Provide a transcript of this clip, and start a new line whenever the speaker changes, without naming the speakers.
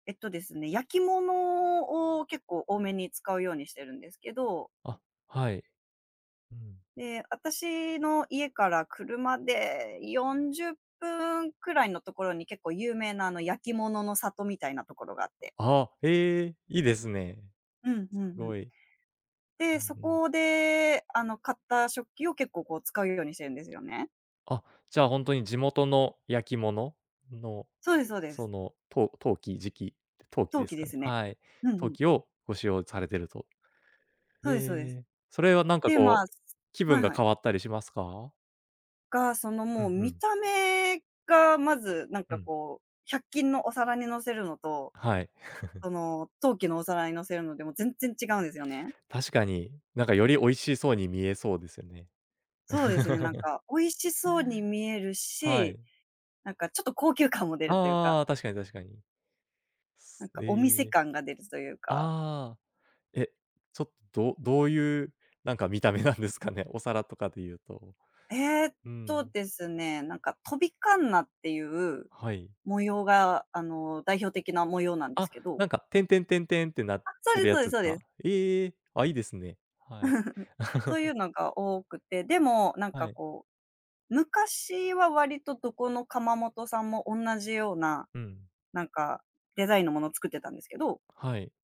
えっとですね、焼き物を結構多めに使うようにしてるんですけど。
あ、はい、うん。
で、私の家から車で40分くらいのところに結構有名な、あの、焼き物の里みたいなところがあって。
ああ、へえ、いいですね。
うんう
す
んうん。
ごい。う
で、
ん
そ
うん。
こであの、買った食器を結構、こう、使うようにしてるんですよね。
あ、じゃあ、ほんとに地元の焼き物の
そうで、そうです。
そのと陶器、磁器、陶器
陶
で
器
す
で
かね？
すね。
はい、
うんう
陶
ん。
器をご使用されてると。
そ
へ
うですそうです。
え。それはなんか
で、ま、
こう、
すす
気
は
分
い
が
は
変
い。
わったりしますか？
が、その、
う
もう
んう
見
ん。
た目がまずなん
う
か、
ん。
こう、百均のお皿に乗せるのと
はい。
その陶器のお皿に乗せるので、もう全然違うんですよね。
確かに、なんかより美味しそうに見えそうですよね。
そうですね、なん か美味しそうに見える
は
し、
い。
なんかちょっと高級感も出るというか。
ああ、確かに確かに。
なん
す
かお店
ええ。
感が出るそいうか。
ああ、え、ちょっと、どういう、なんか見た目なんですかね？お皿とかで言うと。
ええっ
うー
と
ん。
ですね、なんか飛び鉋っていう
はい。
模様が、あの、代表的な模様なんで
あ、
すけど。
なんか、てんてんてんてんってなっ
あ、そ
て
うで
るや
そうで
つ
そう
か？
で
ええ、あ、いいですね。はい。
そうい うのが多くて、でもなん
は
か
い。
こう、昔は割とどこの窯元さんもおんなじような、
うん。
なんかデザインのものを作ってたんですけど
はい。